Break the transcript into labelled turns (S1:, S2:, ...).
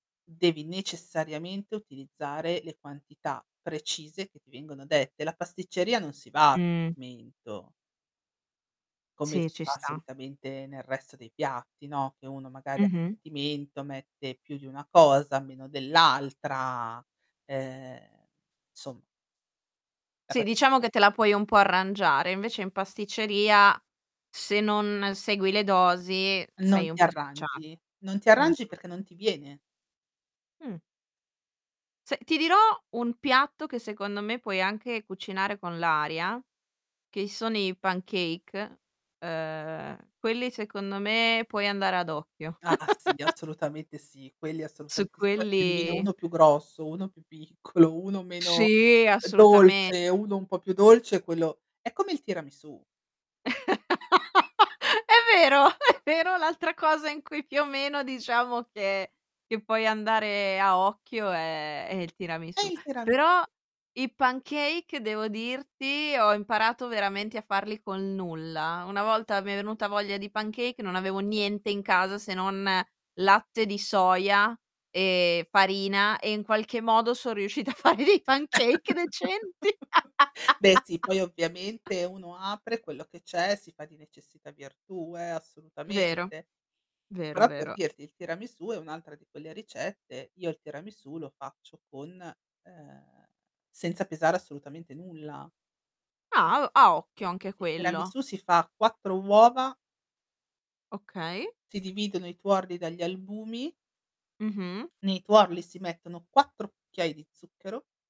S1: Devi necessariamente utilizzare le quantità precise che ti vengono dette. La pasticceria non si va a
S2: Mh.
S1: sentimento come
S2: Sì,
S1: si
S2: ci
S1: fa
S2: sta.
S1: solitamente nel resto dei piatti, no? Che uno magari a
S2: Mh-mh.
S1: sentimento mette più di una cosa, meno dell'altra, ehm, somma La
S2: Sì,
S1: pastic
S2: diciamo che te la puoi un po' arrangiare, invece in pasticceria se non segui le dosi
S1: Non
S2: sei un
S1: ti
S2: po' spacciato,
S1: arrangi. Non ti arrangi
S2: mh-mh.
S1: perché non ti viene.
S2: Mh. Se ti dirò un piatto che secondo me puoi anche cucinare con l'aria, che sono i pancake, ehm, quelli secondo me puoi andare ad occhio.
S1: Ah sì assolutamente sì, quelli
S2: Su
S1: assolutamente sì, poi che te ne viene
S2: quelli
S1: uno più grosso, uno più piccolo, uno meno
S2: Sì assolutame
S1: dolce, uno un po' più dolce quello è come il tiramisù.
S2: È vero, è vero l'altra cosa in cui più o meno diciamo che che puoi andare a occhio è è il
S1: È
S2: tiramisù.
S1: il tiramis
S2: Però i pancake, devo dirti, ho imparato veramente a farli con nulla. Una volta mi è venuta voglia di pancake, non avevo niente in casa, se non latte di soia e farina e in qualche modo son riuscita a fare dei pancake decenti.
S1: Beh sì, poi ovviamente uno apre quello che c'è, si fa di necessità virtù eh,
S2: Vero,
S1: assolutamente.
S2: vero,
S1: Però, per
S2: vero.
S1: dirti, il tiramisù è un'altra di quelle ricette io il tiramisù lo faccio con, ehm, senza pesare assolutamente nulla.
S2: Ah u a occhio anche
S1: Il
S2: quello.
S1: tiramisù si fa 4 uova
S2: Okay.
S1: si dividono i tuorli dagli albumi
S2: Mh-mh.
S1: nei tuorli si mettono 4 cucchiai di zucchero